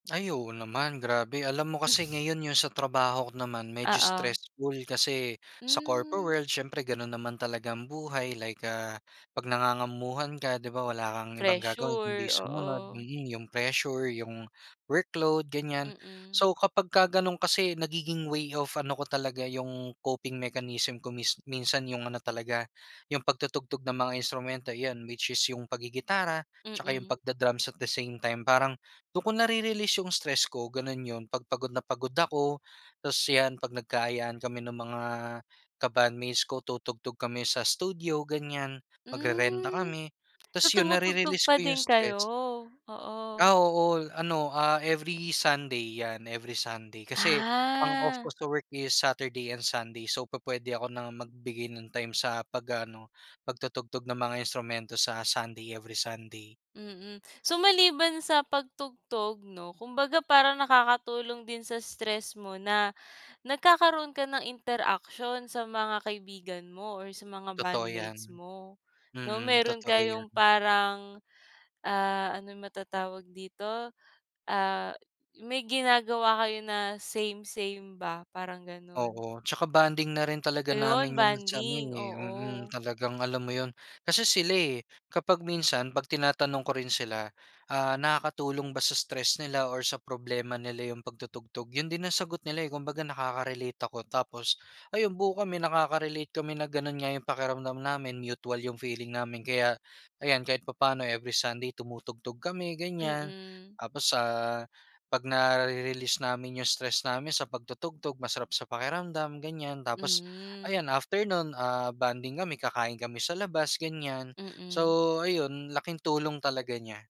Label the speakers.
Speaker 1: Ay oo naman, grabe. Alam mo kasi ngayon yung sa trabaho ko naman medyo
Speaker 2: Oo.
Speaker 1: stressful kasi sa corpo
Speaker 2: Mm.
Speaker 1: world siyempre gano'n naman talaga ang buhay like, ah, 'pag nangangamamuhan ka, 'di ba, wala kang ibang gagawin kundi
Speaker 2: Pressure,
Speaker 1: sumunod.
Speaker 2: oo.
Speaker 1: Mm, yung pressure, yung workload, ganyan.
Speaker 2: Mm.
Speaker 1: So, kapagka gano'n kasi nagiging way of ano ko talaga, yung coping mechanism ko mis minsan yung ano talaga, yung pagtutugtog ng mga instrumento. 'Yan, which is yung paggigitara 'tsaka yung
Speaker 2: Mm.
Speaker 1: pagda-drums at the same time. Parang dun ko nare-release yung stress ko, ganun yun. 'Pag pagod na pagod ako tapos 'yan, 'pag nagka-ayaan kami nung mga ka-bandmates ko, tutugtog kami sa studio, ganyan, magrerenta
Speaker 2: Hmm.
Speaker 1: kami.
Speaker 2: So,
Speaker 1: Tapos yun,
Speaker 2: tumutugtog
Speaker 1: narerelease
Speaker 2: pa
Speaker 1: ko yung
Speaker 2: din kayo?
Speaker 1: stress.
Speaker 2: Oo.
Speaker 1: Ah, oo. Ano, ah, every Sunday 'yan, every Sunday. Kasi ang off ko
Speaker 2: Ah.
Speaker 1: sa work is Saturday and Sunday. So, pu puwede ako na magbigay ng time sa 'pag ano, pagtutugtog ng mga instrumento sa Sunday, every Sunday.
Speaker 2: Mm. So, maliban sa pagtugtog 'no, kumbaga parang nakakatulong din sa stress mo na nagkakaroon ka ng interaksyon sa mga kaibigan mo or sa mga
Speaker 1: Totoo 'yan.
Speaker 2: bandmates mo, 'no?
Speaker 1: Mm,
Speaker 2: Meron
Speaker 1: totoo
Speaker 2: kayong
Speaker 1: 'yan.
Speaker 2: parang, ah, ano matatawag dito, ah, may ginagawa kayo na same-same ba, parang ganun.
Speaker 1: Oo, 'tsaka bonding na rin talaga
Speaker 2: Ayun,
Speaker 1: namin yun sa ano,
Speaker 2: bonding,
Speaker 1: eh mm.
Speaker 2: oo.
Speaker 1: Talagang alam mo yun. Kasi sila, eh, kapag minsan 'pag tinatanong ko rin sila, ah, nakakatulong ba sa stress nila or sa problema nila yung pagtutugtog, yun din ang sagot nila, eh. Kumbaga nakaka relate ako tapos ayun, buo kami nakaka-relate kami na gano'n nga yung pakiramdam namin, mutual yung feeling namin. Kaya ayan, kahit papa'no every Sunday tumutugtog kami, ganyan.
Speaker 2: Mm.
Speaker 1: Tapos sa 'pag nare-release namin yung stress namin sa pagtutugtog masarap sa pakiramdam, ganyan. Tapos
Speaker 2: Hmm.
Speaker 1: ayan, after no'n, ah, bonding kami, kakain kami sa labas, ganyan.
Speaker 2: Mm.
Speaker 1: So, ayun, laking tulong talaga niya.